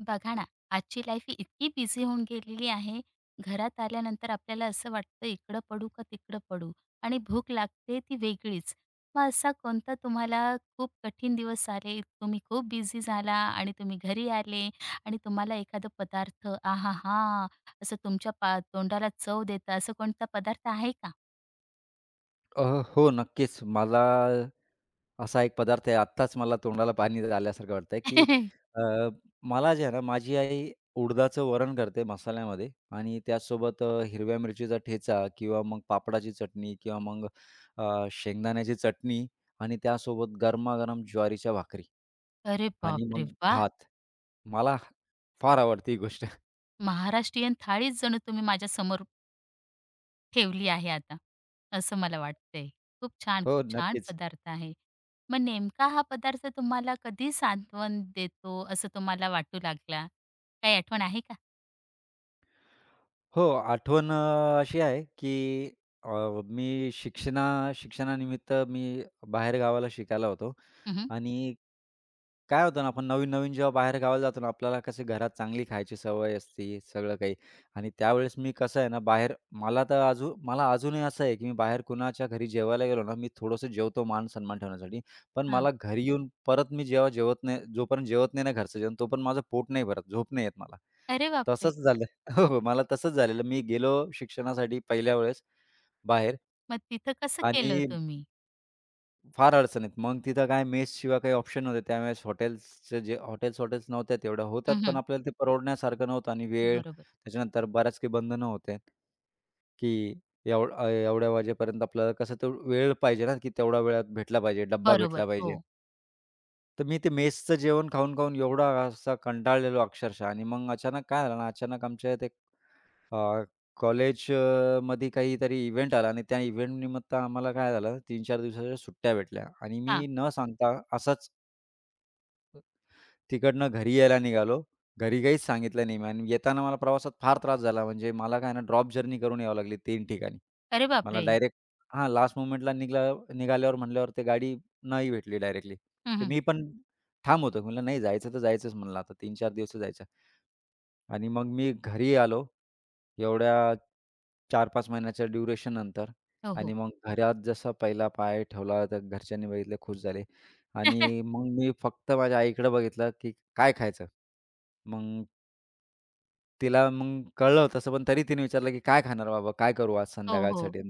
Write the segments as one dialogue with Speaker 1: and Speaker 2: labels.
Speaker 1: बघा ना, आजची लाईफ ही इतकी बिझी होऊन गेलेली आहे, घरात आल्यानंतर आपल्याला असं वाटतं, इकडं पडू का, तिकडं पडू? आणि भूक लागते ती वेगळीच. मग असा कोणता तुम्हाला खूप कठीण दिवस आले, तुम्ही खूप बिझी झाला. आणि तुम्ही घरी आले आणि तुम्हाला एखादं पदार्थ आहाहा! असं तुमच्या पा तोंडाला चव देतं. असं कोणता पदार्थ आहे का?
Speaker 2: अ, हो. नक्कीच, मला असा एक पदार्थ आहे. आत्ताच मला तोंडाला पाणी आल्यासारखं वाटतंय, की अ, मला जे आहे ना, माझी आई उडदाचं वरण करते मसाल्यामध्ये. आणि त्यासोबत अ, हिरव्या मिरचीचा ठेचा किंवा मग पापडाची चटणी किंवा मग अ, शेंगदाण्याची चटणी आणि त्यासोबत गरमागरम ज्वारीच्या भाकरी.
Speaker 1: अरे,
Speaker 2: आणि
Speaker 1: बापरे!
Speaker 2: मग
Speaker 1: वाह!
Speaker 2: भात मला फार आवडते ही गोष्ट.
Speaker 1: महाराष्ट्रीयन थाळीच जणू तुम्ही माझ्यासमोर ठेवली आहे आता असं मला वाटतंय. खूप छान,
Speaker 2: हो,
Speaker 1: खूप छान
Speaker 2: नक्कीच.
Speaker 1: पदार्थ आहे. मग नेमका हा पदार्थ तुम्हाला कधी सांत्वन देतो, असं तुम्हाला वाटू लागला? काही आठवण आहे का?
Speaker 2: हो, आठवण अ, अशी आहे की अ, मी शिक्षणा शिक्षणानिमित्त मी बाहेर गावाला शिकायला होतो.
Speaker 1: हं, हं.
Speaker 2: आणि काय होतं ना आपण नवीन-नवीन जेव्हा बाहेर गावाला जातो ना, आपल्याला कसं घरात चांगली खायची सवय असते सगळं काही. आणि त्यावेळेस मी कसं आहे ना, बाहेर मला तर अजू मला अजूनही असं आहे, की मी बाहेर कुणाच्या घरी जेवायला गेलो ना, मी थोडंसं जेवतो मानसन्मान ठेवण्यासाठी पण
Speaker 1: हां.
Speaker 2: मला घरी येऊन परत मी जेव्हा जेवत नाही जोपर्यंत जेवत नाही ना, घरचं जेवण तो पण माझं पोट नाही, भरत झोप नाही येतं मला.
Speaker 1: अरे, बापरे!
Speaker 2: तसंच झालं. हो, हो मला तसंच झालेलं, मी गेलो शिक्षणासाठी पहिल्या वेळेस बाहेर.
Speaker 1: मग तिथं कसं केलं, हो
Speaker 2: आणि
Speaker 1: तुम्ही?
Speaker 2: फार अडचणीत मग तिथं काय मेस शिवाय काही ऑप्शन नव्हते. त्यावेळेस हॉटेल्सचे जे हॉटेल्स, हॉटेल्स नव्हत्या तेवढ्या होतात
Speaker 1: हं,
Speaker 2: पण
Speaker 1: हं.
Speaker 2: आपल्याला ते परवडण्यासारखं नव्हतं. आणि वेळ
Speaker 1: बरोबर.
Speaker 2: त्याच्यानंतर बऱ्याच काही बंधनं होते. की एवढं अ, एवढ्या वाजेपर्यंत आपल्याला कसं तर वेळ पाहिजे ना, की तेवढ्या वेळात भेटला पाहिजे डब्बा भेटला
Speaker 1: बरोबर,
Speaker 2: पाहिजे.
Speaker 1: हो.
Speaker 2: तर मी ते मेसचं जेवण खाऊन, खाऊन एवढा असा कंटाळलेलो अक्षरशः आणि मग अचानक काय झालं ना, अचानक आमच्या येथे अ, कॉलेज अ, मध्ये काहीतरी इव्हेंट आला आणि त्या इव्हेंट निमित्त आम्हाला काय झालं, 3-4 दिवसांच्या सुट्ट्या भेटल्या आणि
Speaker 1: हां.
Speaker 2: मी न सांगता असंच तिकडनं घरी यायला निघालो. घरी काहीच सांगितलं नाही आणि येताना मला प्रवासात फार त्रास झाला. म्हणजे मला काय आहे ना ड्रॉप जर्नी करून याव लागली 3 ठिकाणी.
Speaker 1: अरे,
Speaker 2: मला
Speaker 1: बापरे!
Speaker 2: डायरेक्ट हां, लास्ट मोमेंटला निघला निघाल्यावर म्हटल्यावर ते गाडी नाही भेटली डायरेक्टली.
Speaker 1: हं,
Speaker 2: तर
Speaker 1: हं.
Speaker 2: मी पण ठाम होतो, म्हटलं नाही जायचं तर जायचंच म्हणलं आता 3-4 दिवस तर जायचंय. आणि मग मी घरी आलो. एवढ्या 4-5 महिन्यांच्या ड्युरेशननंतर
Speaker 1: हो,
Speaker 2: आणि
Speaker 1: हो.
Speaker 2: मग घरात जसं पहिला पाय ठेवला तर घरच्यांनी बघितले, खूश झाले. आणि मग मी फक्त माझ्या आईकडं बघितलं, की काय खायचं? मग तिला मग कळलं तसं पण तरी तिने विचारलं, की "काय खाणार बाबा काय करू आज
Speaker 1: हो, हो.
Speaker 2: संध्याकाळसाठी?"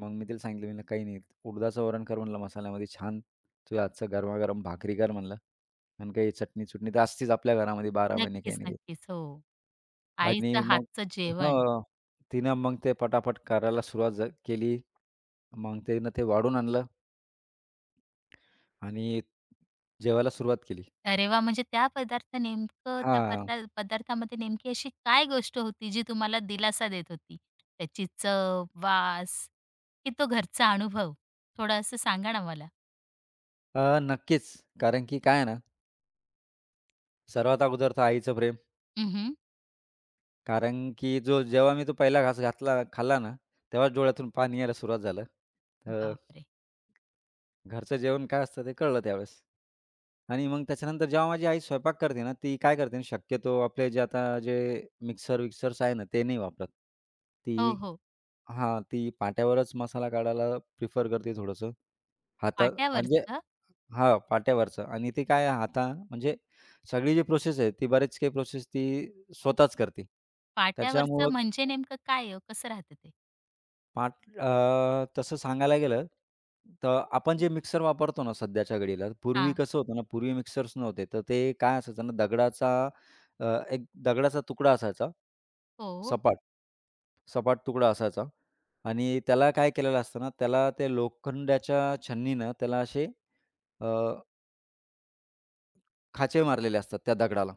Speaker 2: मग मी तिला सांगितलं, "काही नाही उडदाचं वरण कर म्हणलं मसाल्यामध्ये छान, तुझ्या हातचं गरमागरम भाकरी कर म्हणलं आणि काही चटणी-चुटणी तर असतीच आपल्या घरामध्ये 12 महिने काही
Speaker 1: नक्कीच,
Speaker 2: ना काही."
Speaker 1: नक्कीच. हो.
Speaker 2: आणि
Speaker 1: आईचं
Speaker 2: मग
Speaker 1: हातचं जेवण.
Speaker 2: हं. तिनं मग ते पटापट करायला सुरुवात झा केली. मग तिनं ते वाढून आणलं. आणि जेवायला सुरुवात केली.
Speaker 1: अरे, वाह! म्हणजे त्या पदार्थ नेमकं त्या
Speaker 2: हांआ.
Speaker 1: पदा पदार्थामध्ये नेमकी अशी काय गोष्ट होती जी तुम्हाला दिलासा देत होती? त्याची चव, वास, की तो घरचा अनुभव थोडं असं सांगा ना मला?
Speaker 2: अ, नक्कीच. कारण की काय आहे ना सर्वात अगोदर तर आईचं प्रेम.
Speaker 1: हं, हं.
Speaker 2: कारण की जो जेव्हा मी तो पहिला घास घातला खाल्ला ना, तेव्हाच डोळ्यातून पाणी यायला सुरुवात झालं. अ,
Speaker 1: बाप रे!
Speaker 2: ...घरचं जेवण काय असतं? ते कळलं त्यावेळेस. आणि मग त्याच्यानंतर जेव्हा माझी आई स्वयंपाक करते ना, ती काय करते ना शक्यतो आपले जे आता जे मिक्सर-विक्सर्स आहे ना, ते नाही वापरत.
Speaker 1: ओ,
Speaker 2: ती
Speaker 1: हो.
Speaker 2: हां, ती पाट्यावरचं मसाला काढायला प्रिफर करते थोडंसं, हातात म्हणजे
Speaker 1: पाट्यावरचं?
Speaker 2: हां, पाट्यावरचं आणि ते काय आहे आता, म्हणजे सगळी जी प्रोसेस आहे ती बरेच काही प्रोसेस ती स्वतःच करते. त्याच्यामुळं
Speaker 1: पाट्यावरचं म्हणजे नेमकं काय आहे हो, कसं राहतं ते?
Speaker 2: पाट, अ, तसं सांगायला गेलं, तर आपण जे मिक्सर वापरतो ना सध्याच्या घडीला, पूर्वी
Speaker 1: हां.
Speaker 2: कसं होतं ना, पूर्वी मिक्सर्स नव्हते. तर ते काय असायचं ना, दगडाचा अ, एक दगडाचा तुकडा असायचा,
Speaker 1: हो, ओ.
Speaker 2: सपाट. सपाट तुकडा असायचा आणि त्याला काय केलेलं असतं ना, त्याला ते लोखंडयाच्या छन्नीनं त्याला असे अ, खाचे मारलेले असतात त्या दगडाला,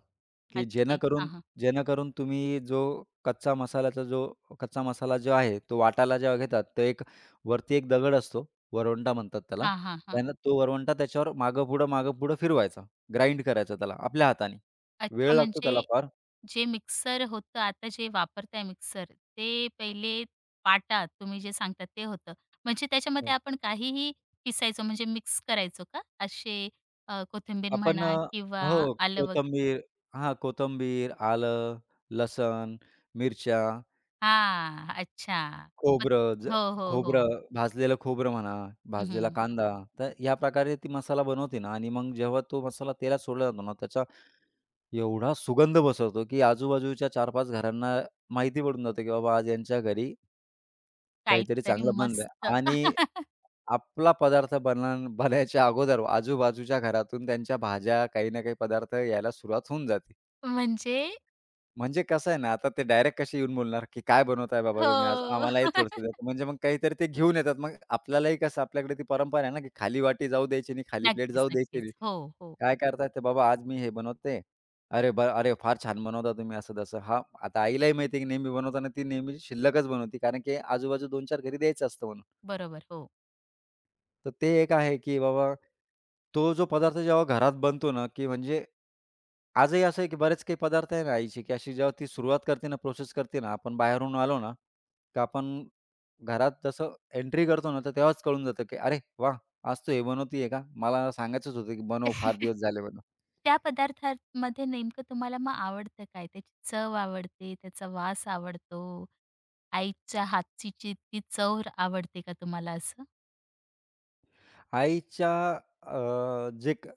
Speaker 2: की
Speaker 1: अच्छा. हां,
Speaker 2: जेणेकरून
Speaker 1: हां.
Speaker 2: जेणेकरून तुम्ही जो कच्चा मसाल्याचा जो कच्चा मसाला जो आहे तो वाटायला जेव्हा घेतात, तर एक वरती एक दगड असतो, वरवंटा म्हणतात त्याला
Speaker 1: हां, हां, हां.
Speaker 2: त्यानं तो वरवंटा त्याच्यावर मागेपुढं, मागेपुढं फिरवायचा. ग्राइंड करायचा त्याला आपल्या हाताने,
Speaker 1: अच्छा,
Speaker 2: वेळ लागतो त्याला
Speaker 1: म्हणजे
Speaker 2: फार.
Speaker 1: जे मिक्सर होतं आता जे वापरताय मिक्सर ते पहिले पाटा तुम्ही जे सांगतात ते होतं. म्हणजे त्याच्यामध्ये
Speaker 2: हो.
Speaker 1: आपण काहीही पिसायचो. म्हणजे मिक्स करायचो का, असे अ, कोथिंबीर
Speaker 2: आपण अ,
Speaker 1: म्हणा किंवा
Speaker 2: हो,
Speaker 1: आलं वगैरे?
Speaker 2: कोथिंबीर हां, कोथिंबीर, आलं, लसण, मिरच्या.
Speaker 1: हां. अच्छा. [unintelligible]
Speaker 2: खोबरं ज
Speaker 1: हो, हो,
Speaker 2: खोबरं
Speaker 1: हो.
Speaker 2: भाजलेलं खोबरं म्हणा,
Speaker 1: हं,
Speaker 2: भाजलेला
Speaker 1: हं.
Speaker 2: कांदा, तर ह्या प्रकारे ती मसाला बनवते ना आणि मग जेव्हा तो मसाला तेलात सोडला जातो ना, त्याच्या एवढा सुगंध पसरतो, की आजूबाजूच्या 4-5 घरांना माहिती पडून जाते, की "बाबा आज यांच्या घरी" "काहीतरी
Speaker 1: काहीतरी
Speaker 2: चांगलं बनलंय."
Speaker 1: मस्त.
Speaker 2: आणि आपला पदार्थ बनान बनायच्या अगोदर आजूबाजूच्या घरातून त्यांच्या भाज्या, काही ना काही पदार्थ यायला सुरुवात होऊन जाते.
Speaker 1: म्हणजे.
Speaker 2: म्हणजे कसं आहे ना, आता ते डायरेक्ट कशी येऊन बोलणार, की "काय बनवताय बाबा, तुम्ही आज
Speaker 1: हो.
Speaker 2: आम्हालाही थोडंसं द्या." म्हणजे मग काहीतरी ते घेऊन येतात. मग आपल्यालाही कसं आपल्याकडे ती परंपरा आहे ना, की खाली वाटी जाऊ द्यायची नाही, खाली प्लेट
Speaker 1: नक्कीच,
Speaker 2: जाऊ द्यायची नाही.
Speaker 1: नक्कीच. हो, हो.
Speaker 2: काय करतात, ते बाबा "आज मी हे बनवते." "अरे, वा! अरे, फार छान बनवता तुम्ही," असं तसं. हां, आता आईलाही माहिती आहे, की नेहमी बनवताना ती नेहमी शिल्लकच बनवते, कारण की आजूबाजू 2-4 घरी द्यायचं असतं म्हणून.
Speaker 1: बरोबर. हो.
Speaker 2: तर ते एक आहे, की बाबा. तो जो पदार्थ जेव्हा घरात बनतो ना, की म्हणजे आजही असं आहे, की बरेच काही पदार्थ आहे ना आईची, की अशी जेव्हा ती सुरुवात करते ना, प्रोसेस करते ना, आपण बाहेरून आलो ना, तर आपण घरात जसं एंट्री करतो ना, तर तेव्हाच कळून जातं, की "अरे वाह! आज तू हे बनवतीये का? मला सांगायचंच होतं, की बनव फार दिवस झाले म्हणून."
Speaker 1: त्या पदार्थांमध्ये नेमकं तुम्हाला मग आवडतं काय? त्याची चव आवडते, त्याचा वास आवडतो, आईच्या हातची जी ती चव आवडते का तुम्हाला असं?
Speaker 2: आईच्या अ, जे क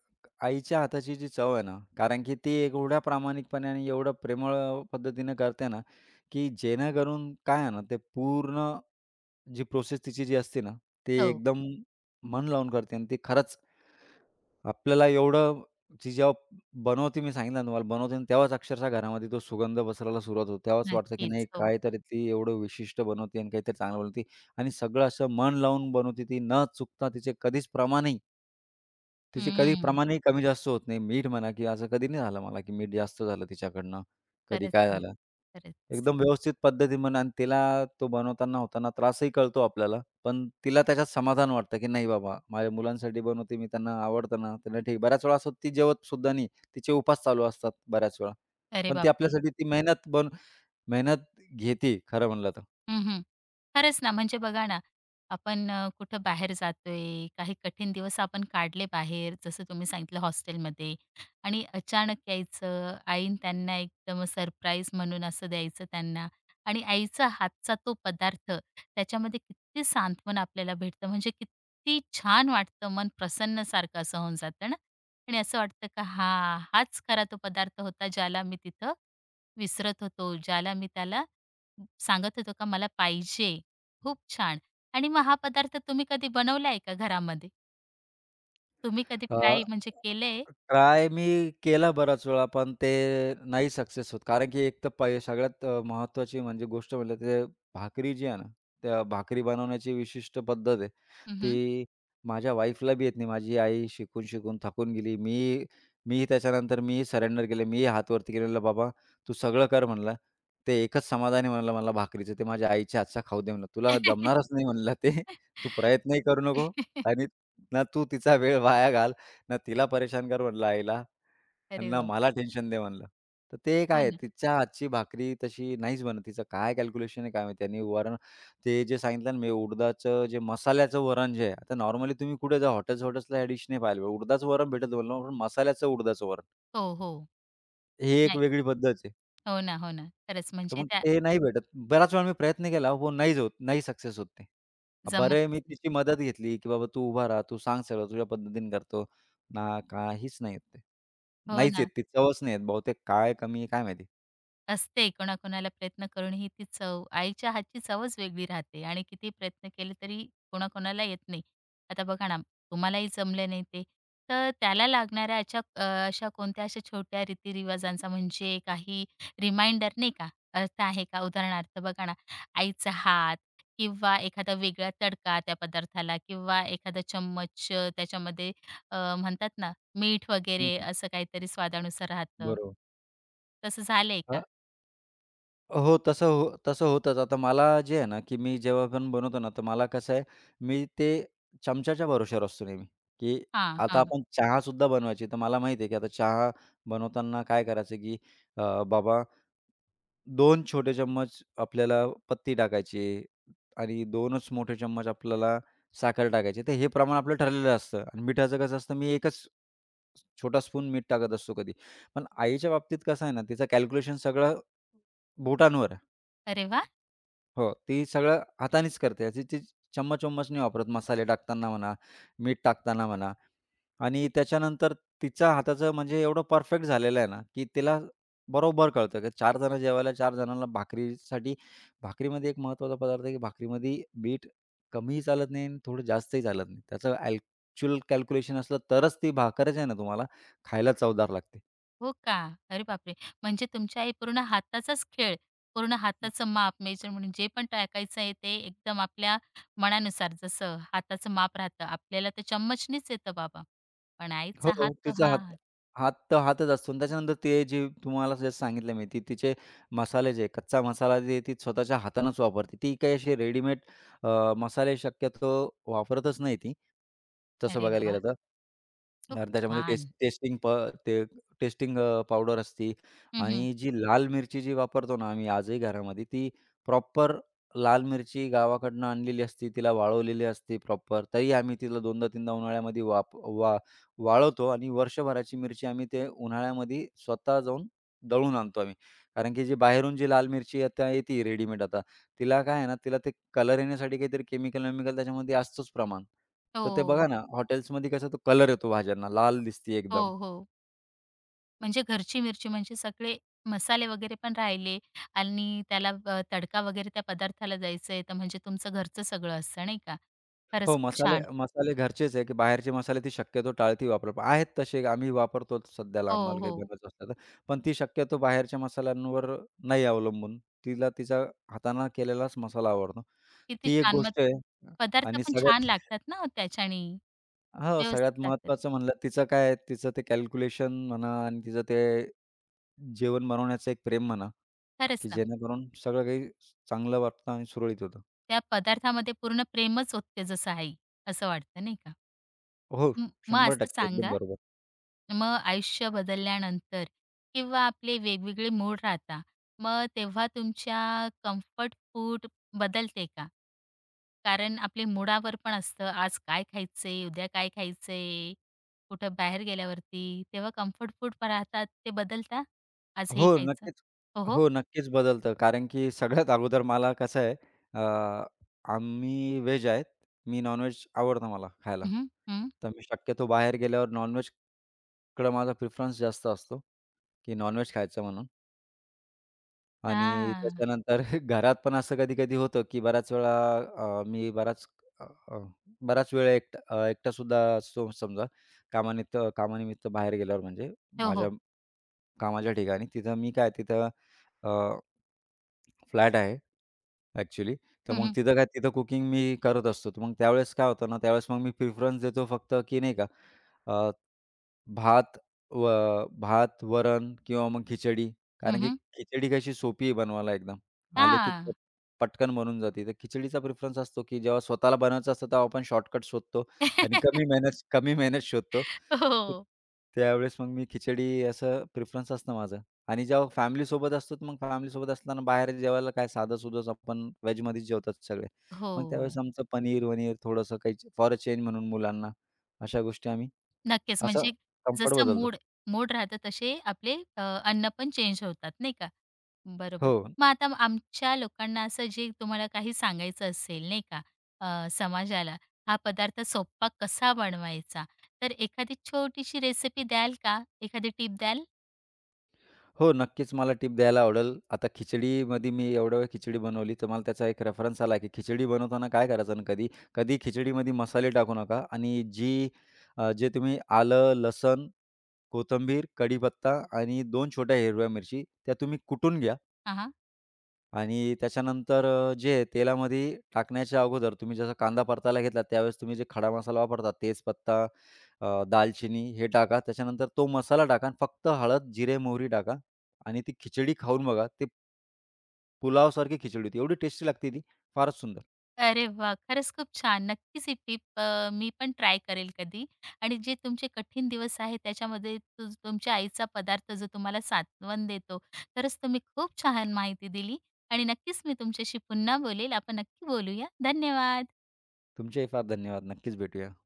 Speaker 2: आईच्या हाताची जी चव आहे ना, कारण की ती एवढ्या प्रामाणिकपणे आणि एवढं प्रेमळ पद्धतीने करते ना, की जेणेकरून काय आहे ना, ते पूर्ण जी प्रोसेस तिची जी असते ना, ती
Speaker 1: हो.
Speaker 2: एकदम मन लावून करते आणि ती खरंच. आपल्याला एवढं ती जेव्हा बनवते, मी सांगितलं ना तुम्हाला. बनवते तेव्हाच अक्षरशः घरामध्ये तो सुगंध पसरायला सुरुवात होते. तेव्हाच वाटतं, की नाही
Speaker 1: नक्कीच, हो.
Speaker 2: काहीतरी ती एवढं विशिष्ट बनवते आणि काहीतरी चांगलं बनवते आणि सगळं असं मन लावून बनवते ती न चुकता तिचे कधीच प्रमाणही. तिचे कधी
Speaker 1: हंम्म.
Speaker 2: प्रमाणही कमी-जास्त होत नाही. मीठ म्हणा, की असं कधी नाही झालं मला, की मीठ जास्त झालं तिच्याकडनं कधी
Speaker 1: खरंच
Speaker 2: काय
Speaker 1: ना,
Speaker 2: झालं.
Speaker 1: खरंच.
Speaker 2: एकदम व्यवस्थित पद्धती म्हणा आणि तिला तो बनवताना होताना त्रासही कळतो आपल्याला, पण तिला त्याच्यात समाधान वाटतं, की नाही बाबा माझ्या मुलांसाठी बनवते मी. त्यांना आवडतना त्यांना, ठीक बऱ्याच वेळा असं ती जेवतसुद्धा नाही. तिचे उपवास चालू असतात बऱ्याच वेळा,
Speaker 1: अरे,
Speaker 2: पण ती
Speaker 1: बापरे!
Speaker 2: आपल्यासाठी ती मेहनत बन मेहनत घेते खरं म्हणलं तर.
Speaker 1: हं, हं. खरंच ना, म्हणजे बघा ना, आपण अ, कुठं बाहेर जातोय काही कठीण दिवस आपण काढले बाहेर जसं तुम्ही सांगितलं हॉस्टेलमध्ये आणि अचानक यायचं, आईनं त्यांना एकदम सरप्राईज म्हणून असं द्यायचं त्यांना आणि आईचा हातचा तो पदार्थ त्याच्यामध्ये किती सांत्वन आपल्याला भेटतं, म्हणजे किती छान वाटतं मन प्रसन्न सारखं असं होऊन जातं ना आणि असं वाटतं का हां, हाच खरा तो पदार्थ होता, ज्याला मी तिथं विसरत होतो, ज्याला मी त्याला सांगत होतो का मला पाहिजे. खूप छान आणि मग हा पदार्थ तुम्ही कधी बनवलाय का घरामध्ये? तुम्ही कधी
Speaker 2: अ,
Speaker 1: ट्राय म्हणजे केलंय?
Speaker 2: ट्राय मी केला बराच वेळा, पण ते नाही सक्सेस होत. कारण, की एक तर पै सगळ्यात महत्त्वाची म्हणजे गोष्ट म्हणजे ते भाकरी जी आहे ना, त्या भाकरी बनवण्याची विशिष्ट पद्धत आहे,
Speaker 1: हं, हं.
Speaker 2: ती माझ्या वाईफला बी येत नाही. माझी आई शिकून-शिकून थकून गेली. मी मी त्याच्यानंतर मी सरेंडर केलं. मीही हात वरती केलेलं "बाबा, तू सगळं कर म्हणलं, ते एकच समाधान आहे म्हणलं मला भाकरीचं, ते माझ्या आईच्या हातचं खाऊ दे म्हणलं. तुला
Speaker 1: हं,
Speaker 2: जमणारच नाही म्हणलं ते. तू प्रयत्नही करू नको आणि ना तू तिचा वेळ वाया घाल, ना तिला परेशान कर म्हटलं आईला,
Speaker 1: अरे,
Speaker 2: ना
Speaker 1: वा!
Speaker 2: मला टेन्शन दे म्हणलं." तर ते काय
Speaker 1: हो
Speaker 2: आहे
Speaker 1: ना.
Speaker 2: तिच्या हातची भाकरी तशी नाहीच बनत. तिचं काय कॅल्क्युलेशन आहे काय माहिती आणि वरण ते जे सांगितलं ना, मी उडदाचं जे मसाल्याचं वरण जे आहे, आता नॉर्मली तुम्ही कुठे जा हॉटेल हॉटेल्सला, ह्या डिश नाही पाहिले. उडदाचं वरण भेटतं, मसाल्याचं उडदाचं वरण.
Speaker 1: हो, हो.
Speaker 2: ही एक
Speaker 1: नाही.
Speaker 2: वेगळी पद्धत आहे.
Speaker 1: हो ना, हो ना, खरंच
Speaker 2: तर
Speaker 1: म्हणजे
Speaker 2: मग
Speaker 1: त्या
Speaker 2: ते नाही भेटत. बऱ्याच वेळा मी प्रयत्न केला हो पण नाहीच होत, नाही सक्सेस होत ते. अ, बरं आहे
Speaker 1: जमतंच
Speaker 2: मी
Speaker 1: नाही.
Speaker 2: तिची मदत घेतली, की "बाबा, तू उभा रहा, तू सांग सगळं, तुझ्या पद्धतीने करतो." ना काहीच नाही येत ते,
Speaker 1: हो
Speaker 2: नाहीच येत
Speaker 1: ना.
Speaker 2: ती चवच नाही येत. बहुतेक काय कमी आहे काय माहिती.
Speaker 1: असते कोणाकोणाला प्रयत्न करूनही ती चव, आईच्या हातची चवच वेगळी राहते. आणि कितीही प्रयत्न केले तरी कोणाकोणाला येत नाही. आता बघा ना, तुम्हालाही जमलं नाही ते. तर त्याला लागणाऱ्या अचा अ, अशा कोणत्या अशा छोट्या रीती-रिवाजांचा, म्हणजे काही रिमाइंडर नाही का अर्थ आहे का? उदाहरणार्थ बघा ना, आईचा हात किंवा एखादा वेगळा तडका त्या पदार्थाला, किंवा एखादा चम्मच अ, त्याच्यामध्ये अ, म्हणतात ना, मीठ
Speaker 2: हं,
Speaker 1: वगैरे
Speaker 2: हं.
Speaker 1: असं काहीतरी स्वादानुसार राहतं.
Speaker 2: बरोबर.
Speaker 1: तसं झालंय का?
Speaker 2: अ. हो. तसं हो तसं होतंच. आता मला जे आहे ना, की मी जेव्हा पण बनवतो ना, तर मला कसं आहे मी ते चमच्याच्या भरोशावर असतो नेहमी, की
Speaker 1: हां,
Speaker 2: आता
Speaker 1: हां.
Speaker 2: आपण चहासुद्धा बनवायची. तर मला माहीत आहे की आता चहा बनवताना काय करायचं की अ, बाबा, 2 छोटे चम्मच आपल्याला पत्ती टाकायची. आणि 2च मोठे चमचे आपल्याला साखर टाकायची तर हे प्रमाण आपलं ठरलेलं असतं. आणि मीठाचं कसं असतं मी 1च छोटा स्पून मीठ टाकत असतो कधी, पण आईच्या बाबतीत कसं आहे ना, तिचं कॅल्क्युलेशन सगळं बोटांवर आहे.
Speaker 1: अरे, वाह!
Speaker 2: हो, ती सगळं हातानीच करते. ती ती चम्मच-वम्मच नाही वापरत मसाले टाकताना म्हणा, मीठ टाकताना म्हणा. आणि त्याच्यानंतर तिच्या हाताचं म्हणजे एवढं परफेक्ट झालेलं आहे ना, की तिला बरोबर कळतं, की 4 जण जेवायला 4 जणांना भाकरीसाठी भाकरीमध्ये एक महत्त्वाचा पदार्थ आहे, की भाकरीमध्ये मिठ कमीही चालत नाही आणि थोडं जास्तही चालत नाही. त्याचं ॲक्चुअल कॅल्क्युलेशन असलं तरच ती भाकर जी आहे ना तुम्हाला, खायला चवदार लागते.
Speaker 1: हो का. अरे, बापरे! म्हणजे तुमची आई पूर्ण हाताचाच खेळ. पूर्ण
Speaker 2: हं.
Speaker 1: हाताचं माप मेजर म्हणून जे पण टाकायचं आहे, ते एकदम आपल्या मनानुसार, जसं हाताचं माप राहतं. आपल्याला तर चम्मचणीच येतं बाबा, पण आईचा हात
Speaker 2: हो,
Speaker 1: तो
Speaker 2: तिचा हात,
Speaker 1: हात.
Speaker 2: हात तर हातच असतो. आणि त्याच्यानंतर, ते जे तुम्हाला जसं सांगितलं मी, ती तिचे मसाले जे कच्चा मसाला जे आहे, ती स्वतःच्या हातानच वापरते. ती काही अशी रेडीमेड अ, मसाले शक्यतो वापरतच नाही ती. तसं
Speaker 1: अरे,
Speaker 2: बघायला
Speaker 1: वाह!
Speaker 2: गेलं तर.
Speaker 1: खूप
Speaker 2: आणि त्याच्यामध्ये
Speaker 1: छान.
Speaker 2: टेस्ट टेस्टिंग प ते टेस्टिंग अ, पावडर असते.
Speaker 1: हं, हं.
Speaker 2: आणि जी लाल मिरची जी वापरतो ना आम्ही, आजही घरामध्ये, ती प्रॉपर लाल मिरची गावाकडनं आणलेली असते. तिला वाळवलेली असते प्रॉपर. तरी आम्ही तिला दोनदा, तीनदा उन्हाळ्यामध्ये वाप वा वाळवतो. आणि वर्षभराची मिरची आम्ही ते उन्हाळ्यामध्ये स्वतः जाऊन दळून आणतो आम्ही. कारण की, जे बाहेरून जी लाल मिरची आता येते रेडीमेड आता, तिला काय आहे ना, तिला ते कलर येण्यासाठी काहीतरी केमिकल-वेमिकल त्याच्यामध्ये असतोच प्रमाण. तर ते बघा
Speaker 1: हो.
Speaker 2: ना, हॉटेल्समध्ये कसा तो कलर येतो. भाज्यांना लाल दिसती एकदम.
Speaker 1: हो. हो. म्हणजे घरची मिरची, म्हणजे सगळे मसाले वगैरे पण राहिले. आणि त्याला अ, तडका वगैरे त्या पदार्थाला द्यायचाय, तर म्हणजे तुमचं घरचं सगळं असतं नाही का,
Speaker 2: हो
Speaker 1: खरंच खूप
Speaker 2: मसाले,
Speaker 1: छान.
Speaker 2: मसाले घरचेच आहे की बाहेरचे मसाले ते शक्यतो टाळती वापरत. आहेत तसे आम्ही वापरतोच सध्याला
Speaker 1: हो,
Speaker 2: आम्हाला काही
Speaker 1: हो.
Speaker 2: गरज असते ना. पण ती शक्यतो बाहेरच्या मसाल्यांवर नाही अवलंबून. तिला तिचा हातानं केलेलाच मसाला आवडतो.
Speaker 1: किती
Speaker 2: ती एक
Speaker 1: छान. मग
Speaker 2: गोष्ट आहे
Speaker 1: पदार्थ
Speaker 2: आणि
Speaker 1: पण छान
Speaker 2: सगळ्यात
Speaker 1: लागतात ना, हो त्याच्यानी
Speaker 2: हं, सगळ्यात
Speaker 1: व्यवस्थित लागतात.
Speaker 2: महत्त्वाचं म्हणलं. तिचं काय आहे तिचं ते कॅल्क्युलेशन म्हणा आणि तिचं ते जेवण बनवण्याचं एक प्रेम म्हणा.
Speaker 1: खरंच
Speaker 2: की
Speaker 1: ना.
Speaker 2: जेणेकरून सगळं काही चांगलं वाटतं आणि सुरळीत होतं.
Speaker 1: त्या पदार्थामध्ये पूर्ण प्रेमच ओतते जसं आई. असं वाटत नाही का?
Speaker 2: हो.
Speaker 1: म मग
Speaker 2: शंभर
Speaker 1: असं
Speaker 2: टक्के एकदम
Speaker 1: सांगा,
Speaker 2: बरोबर.
Speaker 1: मग आयुष्य बदलल्यानंतर. किंवा आपले वेगवेगळे मूड राहता. मग तेव्हा तुमच्या कम्फर्ट फूड बदलते का? कारण आपले मुडावर पण असतं आज काय खायचंय, उद्या काय खायचंय. कुठं बाहेर गेल्यावरती तेव्हा कम्फर्ट फूड पण राहतात ते बदलता, आज हे
Speaker 2: हो
Speaker 1: खायचं?
Speaker 2: नक्कीच
Speaker 1: हो, हो.
Speaker 2: हो, नक्कीच बदलतं कारण की सगळ्यात अगोदर मला कसं आहे. अ, आम्ही व्हेज आहेत, मी नॉनव्हेज आवडतं मला खायला.
Speaker 1: हं. हं.
Speaker 2: तर मी शक्यतो बाहेर गेल्यावर नॉनव्हेज कडं माझा प्रिफरन्स जास्त असतो, की नॉनव्हेज खायचं म्हणून. आणि
Speaker 1: हां.
Speaker 2: त्याच्यानंतर घरात पण असं कधी-कधी होतं, की बऱ्याच वेळा अ, मी बराच अ, अ, बराच वेळ एकट अ, एकटा सु सुद्धा समजा. कामानिमित्त कामानिमित्त बाहेर गेल्यावर, म्हणजे
Speaker 1: हो,
Speaker 2: माझ्या
Speaker 1: हो.
Speaker 2: कामाच्या ठिकाणी तिथं मी काय, तिथं अ फ्लॅट आहे अ‍ॅक्चुअली. तर
Speaker 1: हं,
Speaker 2: मग
Speaker 1: हं.
Speaker 2: तिथं काय, तिथं कुकिंग मी करत असतो. तर मग त्यावेळेस काय होतं ना, त्यावेळेस मग मी प्रिफरन्स देतो फक्त की नाही का, अ, भात व भात, वरण किंवा मग खिचडी.
Speaker 1: हं,
Speaker 2: कारण की
Speaker 1: हं.
Speaker 2: खिचडी कशी सोपी आहे बनवायला, एकदम आले की
Speaker 1: हां.
Speaker 2: पटकन बनून जाते ती. खिचडीचा प्रिफरन्स असतो, की जेव्हा स्वतःला बनवायचं असतं, तेव्हा आपण शॉर्टकट शोधतो आणि कमी मेहनत कमी मेहनत शोधतो. तर
Speaker 1: हो.
Speaker 2: त्यावेळेस मग मी खिचडी, असं प्रिफरन्स असतं माझं. आणि जेव्हा फॅमिलीसोबत असतो, तर मग फॅमिलीसोबत असताना बाहेर जेवायला काय, साधं-सुधंच आपण व्हेजमध्येच जेवतो सगळे. मग त्यावेळेस
Speaker 1: हो.
Speaker 2: आमचं पनीर-वनीर, थोडंसं काही फॉर अ चेंज म्हणून मुलांना, अशा गोष्टी आम्ही
Speaker 1: नक्कीच.
Speaker 2: असं
Speaker 1: म्हणजे
Speaker 2: कम्फर्ट
Speaker 1: जसं
Speaker 2: बदलतो.
Speaker 1: मूड मूड राहत तसे आपले अ, अन्न पण चेंज होतात नाही का. बरोबर,
Speaker 2: हो.
Speaker 1: मग आता आमच्या लोकांना असं जे तुम्हाला काही सांगायचं असेल नाही का? अ, समाजाला, हा पदार्थ सोप्पा कसा बनवायचा तर एखादी छोटीशी रेसिपी द्याल का एखादी टिप द्याल?
Speaker 2: हो, नक्कीच मला टिप द्यायला आवडलं. आता खिचडीमध्ये मी एवढ्या वेळ खिचडी बनवली तर मला त्याचा एक रेफरन्स आला, की खिचडी बनवताना काय करायचं ना, कधी कधी खिचडीमध्ये मसाले टाकू नका. आणि जी अ, जे तुम्ही आलं, लसूण, कोथिंबीर, कढीपत्ता आणि 2 छोट्या हिरव्या मिरच्या त्या तुम्ही कुटून घ्या
Speaker 1: हां, हां.
Speaker 2: आणि त्याच्यानंतर अ, जे हे तेलामध्ये टाकण्याच्या अगोदर तुम्ही जसा कांदा परतायला घेतला, त्यावेळेस तुम्ही जे खडा मसाला वापरता. तेजपत्ता, अ, दालचिनी हे टाका. त्याच्यानंतर तो मसाला टाका आणि फक्त हळद, जिरे, मोहरी टाका आणि ती खिचडी खाऊन बघा ते पुलावसारखी खिचडी होती. एवढी टेस्टी लागते ती, फारच सुंदर.
Speaker 1: अरे, वाह! खरंच खूप छान. नक्कीच ही टिप अ, मी पण ट्राय करेल कधी. आणि जे तुमचे कठीण दिवस आहे. त्याच्यामध्ये तू तुमच्या आईचा पदार्थ जो तुम्हाला सांत्वन देतो. खरंच तुम्ही खूप छान माहिती दिली आणि नक्कीच मी तुमच्याशी पुन्हा बोलेल. आपण नक्की बोलूया. धन्यवाद.
Speaker 2: तुमचेही फार धन्यवाद. नक्कीच भेटूया.